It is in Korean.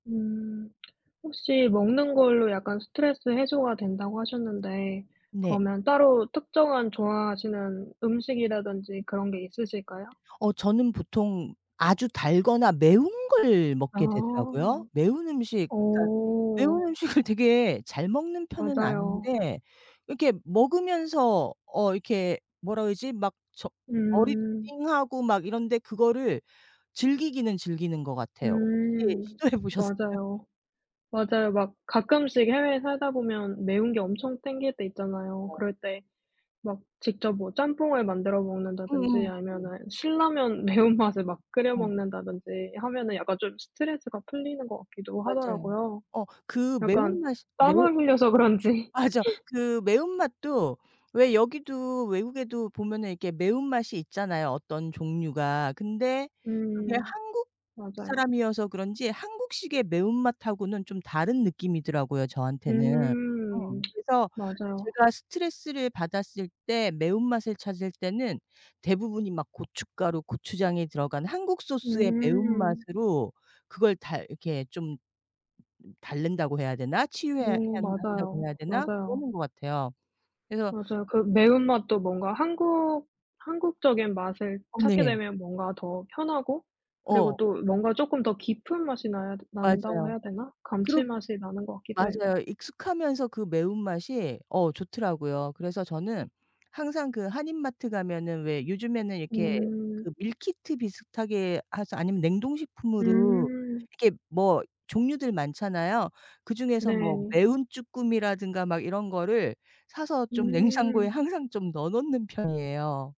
음. 혹시 "먹는 걸로 약간 스트레스 해소가 된다."고 하셨는데 네. 그러면 따로 특정한 좋아하시는 음식이라든지 그런 게 있으실까요? 어. 저는 보통 아주 달거나 매운 걸 아. 먹게 되더라고요. 매운 음식 그러니까 어. 매운 음식을 되게 잘 먹는 편은 맞아요. 아닌데 이렇게 먹으면서 어 이렇게 뭐라 그러지? 막 저 머리도 음. 띵하고 막 이런데 그거를 즐기기는 즐기는 것 같아요. 혹시 음. 시도해 보셨어요? 맞아요, 맞아요. 막 가끔씩 해외에 살다 보면 매운 게 엄청 땡길 때 있잖아요. 어. 그럴 때 막 직접 뭐 짬뽕을 만들어 먹는다든지 음음. 아니면은 신라면 매운맛을 막 끓여 어. 먹는다든지 하면은 약간 좀 스트레스가 풀리는 것 같기도 맞아요. 하더라고요, 어 그 약간 매운 맛이 매운 땀을 흘려서 그런지. 맞아. 그 매운맛도 왜 여기도 외국에도 보면은 이렇게 매운 맛이 있잖아요, 어떤 종류가. 근데 그게 음. 한국 맞아요. 사람이어서 그런지 한국식의 매운맛하고는 좀 다른 느낌이더라고요, 저한테는. 어 음. 그래서 맞아요. 제가 스트레스를 받았을 때 매운맛을 찾을 때는 대부분이 막 고춧가루, 고추장이 들어간 한국 소스의 음. 매운맛으로 그걸 다 이렇게 좀 달랜다고 해야 되나? 치유해야 음. 한다고 맞아요, 해야 되나? 맞아요. 그러는 것 같아요. 그래서 맞아요. 그 매운 맛도 뭔가 한국 한국적인 맛을 어 찾게 네. 되면 뭔가 더 편하고 그리고 어. 또 뭔가 쪼끔 더 깊은 맛이 나야 되 난다고 맞아요. 해야 되나? 그러 감칠맛이 나는 것 같기도 해요. 맞아요. 익숙하면서 그 매운맛이 어 좋더라고요. 그래서 저는 항상 그 한인 마트 가면은 왜 요즘에는 이렇게 음. 그 밀키트 비슷하게 해서 아니면 냉동식품으로 음. 이렇게 뭐 종류들 많잖아요. 그중에서 뭐 네. 매운 쭈꾸미라든가 막 이런 거를 사서 좀 냉장고에 음. 항상 좀 넣어 놓는 편이에요.